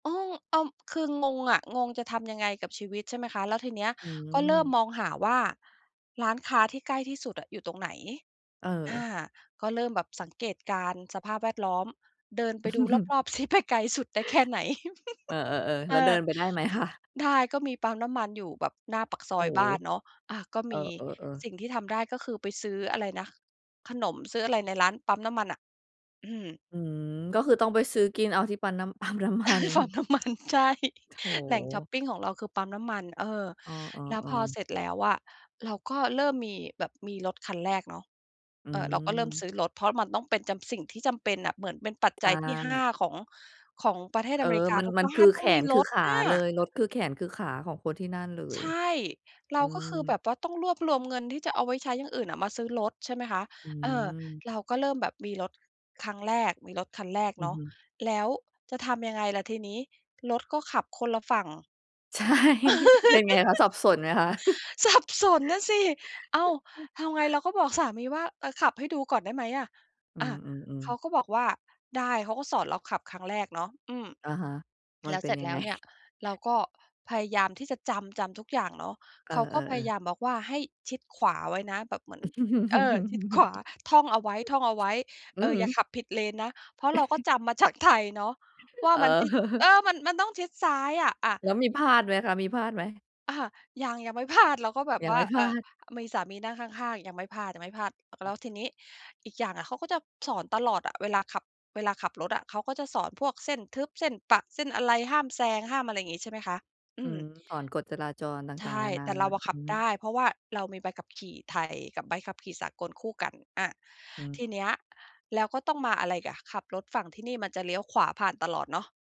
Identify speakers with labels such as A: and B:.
A: เออ อ้าว คืองงอะ งง จะทำยังไงกับชีวิต ใช่ไหมคะ แล้วทีเนี้ย
B: อื
A: ก็เริ่ม
B: ม
A: มองหาว่าร้านค้าที่ใกล้ที่สุดอะอยู่ตรงไหน
B: เ
A: อ
B: อ
A: า
B: อ
A: ก็เริ่มแบบสังเกตการณ์สภาพแวดล้อม เดินไปดูรอบ ๆ สิ ไปไกลสุดได้แค่ไหน
B: เออ ๆ
A: เ
B: ๆ แล
A: อ
B: ้วเดิ
A: อ
B: นไปได้ไหมคะ?
A: ได้ ก็มีปั๊มน้ำมันอยู่แบบหน้าปากซ
B: โ
A: อ
B: อ้
A: ยบ้านเนาะ อา ก็
B: เอ
A: มี
B: อ ๆ ๆ
A: สิ่งที่ทำได้ก็คือไปซื้ออะไรนะ ขนม ซื้ออะไรในร้าน ปั๊มน้ำมันน่ะ อืม
B: อืม ก็คือต้องไปซื้อกินเอาที่ ปั๊นน้ำ ปั๊มน้ำมัน
A: ปั๊มน้ำมัน ใช่ แหล่งชอป
B: โถ
A: ปิงของเราคือปั๊มน้ำมัน เออ
B: เอ
A: แล้ว
B: อ
A: พอ
B: ๆ ๆ
A: เสร็จแล้วอะเราก็เริ่มมีแบบมีรถคันแรกเนาะ
B: อื
A: เออ เราก็เริ่มซ
B: ม
A: ื้อรถ เพราะมันต้องเป็นจำ สิ่งที่จำเป็นน่ะ เหมือนเป็นปัจ
B: ใช
A: จัยที่ 5
B: ่
A: ของ ของประเทศ
B: เอ
A: อเ
B: อ
A: มริกา
B: มัน
A: ทุก
B: มัน
A: บ้
B: ค
A: า
B: ือ
A: นต
B: แ
A: ้
B: ข
A: องมี
B: นค
A: ร
B: ือ
A: ถ
B: ขา
A: น่
B: เล
A: ะ
B: ย รถคือแขนคือขาของคนที่นั่นเล
A: ใ
B: ย
A: ช่ เร
B: อ
A: า
B: ื
A: ก็คือแ
B: ม
A: บบว่าต้องรวบรวมเงินที่จะเอาไว้ใช้อย่างอื่นอะมาซื้อรถ ใช่ไหมคะ
B: อื
A: เออ
B: อ
A: เราก็เริ่มแบบมีรถครั้งแรก มีรถคันแรก
B: อื
A: เน
B: อ
A: าะ
B: ฮึ
A: แล้วจะทำยังไงล่ะทีนี้ รถก็ขับคนละฝั่ง
B: ใช่ เป็นไงคะ สับสนไหมคะ?
A: สับสน น่ะสิ อ้าว ทำไง เราก็บอกสามีว่า "เออ ขับให้ดูก่อนได้ไหมอะ?"
B: อื
A: อา
B: อ
A: เข
B: ๆ ๆ
A: าก็บอกว่า "ได้" เขาก็สอนเราขับครั้งแรกเนาะ อืม
B: อะฮะ มั
A: แล
B: น
A: ้ว
B: เป
A: เ
B: ็
A: สร
B: น
A: ็จ
B: ยั
A: แล
B: ง
A: ้
B: ไง?
A: วเนี่ยเราก็พยายามที่จะจำ จำทุกอย่างเนาะ
B: เอ
A: เขาก็พย
B: อ
A: าย
B: ๆ ๆ
A: ามบอกว่าให้ชิดขวาไว้นะแบบเหมือน เออ ชิดขวา ท่องเอาไว้ ท่องเอาไว้
B: อ
A: เ
B: ื
A: อ
B: อ
A: อ
B: ฮ
A: อ
B: ึ
A: ย่าขับผิดเลนนะ เพราะเราก็จำมาจากไทยเนาะ ว่า
B: เอ
A: มัน
B: อ
A: ชิด เออ มัน มันต้องชิดซ้ายอะ อา
B: แล้วมีพลาดไหมคะ มีพลาดไหม?
A: อา ยัง ยังไม่พลาด เราก็แบบ
B: ยั
A: ว
B: งไ
A: ่า
B: ม่พ
A: เ
B: ล
A: อ่
B: า
A: อ
B: ด
A: มีสามีนั่งข้าง ๆ ยังไม่พลาด ยังไม่พลาด แ
B: อ
A: ล
B: ือ
A: ้วทีนี้ อีกอย่างอะเขาก็จะสอนตลอดอะ เวลาขับ เวลาขับรถอะ เขาก็จะสอนพวกเส้นทึบ เส้นประ เส้นอะไร ห้ามแซง ห้ามอะไรอย่างงี้ ใช่ไหมคะ อ
B: อ
A: ื
B: ืม
A: ม
B: สอนกฎจราจรต
A: ใช
B: ่าง ๆ
A: ่
B: นานา
A: แต่เราอะ
B: อื
A: ข
B: อ
A: ับ
B: ฮ
A: ได
B: ึ
A: ้ เพราะว่าเรามีใบขับขี่ไทยกับใบขับขี่สากลคู่กัน อา
B: อื
A: ท
B: ม
A: ีเนี้ยแล้วก็ต้องมาอะไรอีกอะ ขับรถฝั่งที่นี่มันจะเลี้ยวขวาผ่านตลอดเนาะ